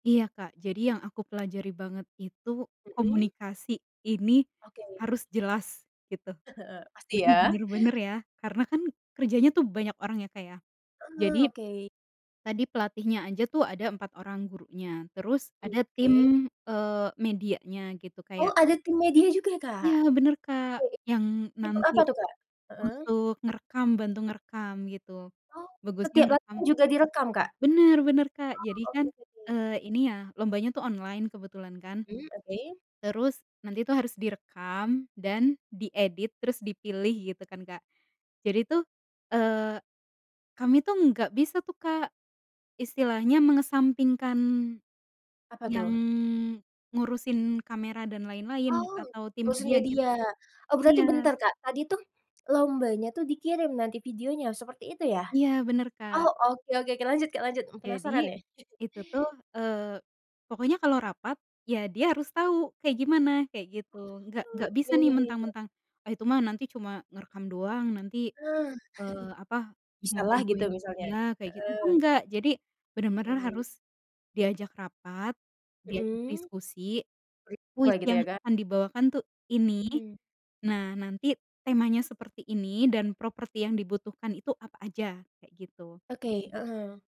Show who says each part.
Speaker 1: Iya Kak jadi yang aku pelajari banget itu,
Speaker 2: Mhm.
Speaker 1: komunikasi, ini
Speaker 2: Oke.
Speaker 1: harus jelas, gitu.
Speaker 2: Pasti
Speaker 1: Jadi
Speaker 2: ya.
Speaker 1: bener-bener ya, karena kan kerjanya tuh banyak orang ya Kak ya,
Speaker 2: Heeh.
Speaker 1: jadi
Speaker 2: Oke.
Speaker 1: tadi pelatihnya aja tuh ada 4 orang gurunya, terus ada
Speaker 2: Oke.
Speaker 1: tim, eee, medianya gitu,
Speaker 2: Oh
Speaker 1: kayak
Speaker 2: ada tim media juga ya Kak?
Speaker 1: Iya bener Kak,
Speaker 2: Mhm.
Speaker 1: yang
Speaker 2: Untuk
Speaker 1: nanti
Speaker 2: apa tuh Kak? Heeh.
Speaker 1: untuk ngerekam, bantu ngerekam gitu,
Speaker 2: Oh,
Speaker 1: bagusnya
Speaker 2: setiap
Speaker 1: ngerekam
Speaker 2: latihan juga direkam Kak?
Speaker 1: bener bener Kak jadi
Speaker 2: Oh.
Speaker 1: kan,
Speaker 2: Oke oke.
Speaker 1: eee, ini ya, lombanya tuh online kebetulan kan,
Speaker 2: Mmm, oke.
Speaker 1: terus nanti tuh harus direkam dan diedit, terus dipilih gitu kan Kak, jadi tuh, eee, kami tuh nggak bisa tuh Kak istilahnya mengesampingkan
Speaker 2: Apa
Speaker 1: yang
Speaker 2: tuh?
Speaker 1: ngurusin kamera dan lain-lain
Speaker 2: Oh,
Speaker 1: atau timnya
Speaker 2: ngurusin
Speaker 1: dia
Speaker 2: media.
Speaker 1: gitu.
Speaker 2: Oh berarti
Speaker 1: Iya
Speaker 2: bentar Kak, tadi tuh lombanya tuh dikirim nanti videonya, seperti itu ya?
Speaker 1: Iya, bener Kak.
Speaker 2: Oh oke oke Kak, lanjut Kak, lanjut, mmm,
Speaker 1: Jadi
Speaker 2: penasaran nih.
Speaker 1: itu tuh, eee, pokoknya kalau rapat, ya dia harus tau kayak gimana, kayak gitu. Gak
Speaker 2: Oh.
Speaker 1: gak bisa
Speaker 2: Ya
Speaker 1: nih
Speaker 2: ya ya ya.
Speaker 1: mentang-mentang, ah itu mah nanti cuma ngerekam doang nanti,
Speaker 2: Nah.
Speaker 1: eee, apa, cuma
Speaker 2: Bisalah gitu
Speaker 1: bantuin
Speaker 2: misalnya.
Speaker 1: iya kayak gitu, itu
Speaker 2: Heeh.
Speaker 1: enggak. Jadi bener-bener
Speaker 2: Oke.
Speaker 1: harus diajak rapat, diajak
Speaker 2: Mhm.
Speaker 1: diskusi,
Speaker 2: [unintelligible]
Speaker 1: kuis
Speaker 2: gitu
Speaker 1: yang
Speaker 2: ya Kak.
Speaker 1: akan dibawakan tuh ini,
Speaker 2: Mhm.
Speaker 1: nah nanti temanya seperti ini dan properti yang dibutuhkan itu apa aja? Kayak gitu.
Speaker 2: Oke. Mhm.